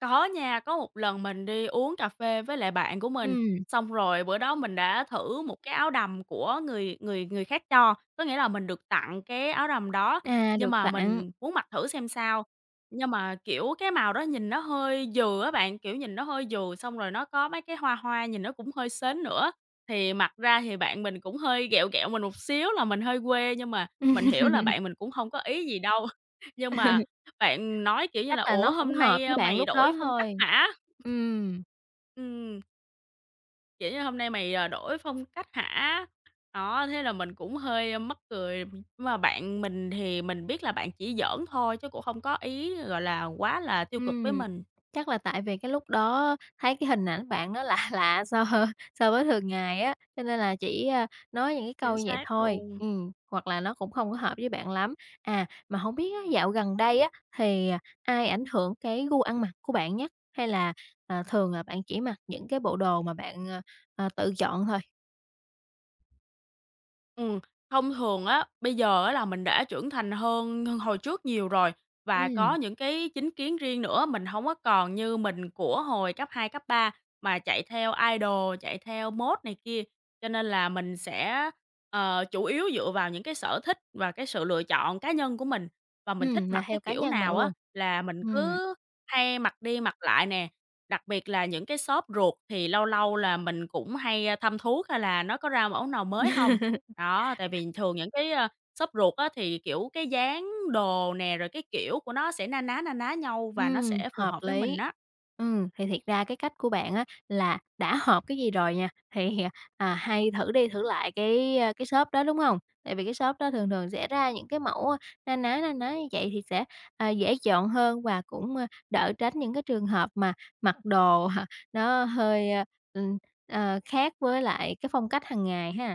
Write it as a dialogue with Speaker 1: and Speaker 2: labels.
Speaker 1: Có nha, có một lần mình đi uống cà phê với lại bạn của mình,
Speaker 2: Ừm.
Speaker 1: xong rồi bữa đó mình đã thử một cái áo đầm của người người người khác cho, có nghĩa là mình được tặng cái áo đầm đó,
Speaker 2: À,
Speaker 1: nhưng
Speaker 2: được
Speaker 1: mà
Speaker 2: tặng.
Speaker 1: mình muốn mặc thử xem sao nhưng mà, kiểu, cái màu đó nhìn nó hơi dừ á bạn, kiểu, nhìn nó hơi dừ xong rồi nó có mấy cái hoa hoa nhìn nó cũng hơi sến nữa, thì mặc ra thì bạn mình cũng hơi ghẹo ghẹo mình một xíu làm mình hơi quê nhưng mà mình hiểu là bạn mình cũng hông có ý gì đâu. Nhưng mà bạn nói, kiểu như
Speaker 2: Chắc
Speaker 1: là,
Speaker 2: là
Speaker 1: "Ủa?
Speaker 2: nó hổng
Speaker 1: Hôm
Speaker 2: hợp với
Speaker 1: nay,
Speaker 2: bạn
Speaker 1: mày
Speaker 2: lúc
Speaker 1: đổi
Speaker 2: đó
Speaker 1: phong cách
Speaker 2: thôi.
Speaker 1: hả?"
Speaker 2: Ừm.
Speaker 1: Ừm. Kiểu như: "Hôm nay, mày, ờ, đổi phong cách hả?" đó, thế là mình cũng hơi mắc cười, nhưng mà bạn mình thì mình biết là bạn chỉ giỡn thôi chứ cũng không có ý, gọi là, quá là tiêu cực với
Speaker 2: Ừm,
Speaker 1: mình.
Speaker 2: chắc là tại vì cái lúc đó, thấy cái hình ảnh bạn nó lạ lạ so so với thường ngày á, cho nên là chỉ, a, nói những cái
Speaker 1: Chính
Speaker 2: câu như vậy
Speaker 1: xác
Speaker 2: thôi,
Speaker 1: luôn.
Speaker 2: ừm, hoặc là nó cũng không có hợp với bạn lắm. À, mà hổng biết á, dạo gần đây á, thì ai ảnh hưởng cái gu ăn mặc của bạn nhất hay là, à, thường là bạn chỉ mặc những cái bộ đồ mà bạn, ờ, ờ, tự chọn thôi.
Speaker 1: Ừm, thông thường á, bây giờ á, là mình đã trưởng thành hơn hơn hồi trước nhiều rồi và có
Speaker 2: Ừm.
Speaker 1: những cái chính kiến riêng nữa, mình hổng có còn như mình của hồi cấp 2, cấp 3 mà chạy theo idol, chạy theo mốt này kia, cho nên là mình sẽ, ờ, chủ yếu dựa vào những cái sở thích và cái sự lựa chọn cá nhân của mình. Và mình thích
Speaker 2: Ừm, là
Speaker 1: mặc cái
Speaker 2: theo cá
Speaker 1: kiểu
Speaker 2: nhân bạn
Speaker 1: nào á
Speaker 2: luôn.
Speaker 1: là mình
Speaker 2: Ừm.
Speaker 1: cứ hay mặc đi mặc lại nè, đặc biệt là những cái shop ruột thì lâu lâu là mình cũng hay thăm thuốc hay là nó có ra mẫu nào mới hông? Đó, tại vì thường những cái, ơ, shop ruột á thì, kiểu, cái dáng đồ nè rồi cái kiểu của nó sẽ na ná, na ná nhau và nó
Speaker 2: Ừm,
Speaker 1: sẽ phù
Speaker 2: hợp
Speaker 1: hợp với mình
Speaker 2: lý.
Speaker 1: á.
Speaker 2: Ừm, thì thiệt ra cái cách của bạn á là đã hợp cái gì rồi nha, thì à, hay thử đi thử lại cái, ơ, cái shop đó, đúng hông? Tại vì cái shop đó thường thường sẽ ra những cái mẫu na ná, na ná như vậy thì sẽ, ờ, dễ chọn hơn và cũng, ơ, đỡ tránh những cái trường hợp mà mặc đồ, ờ, nó hơi, ưm, ờ, khác với lại cái phong cách hàng ngày ha.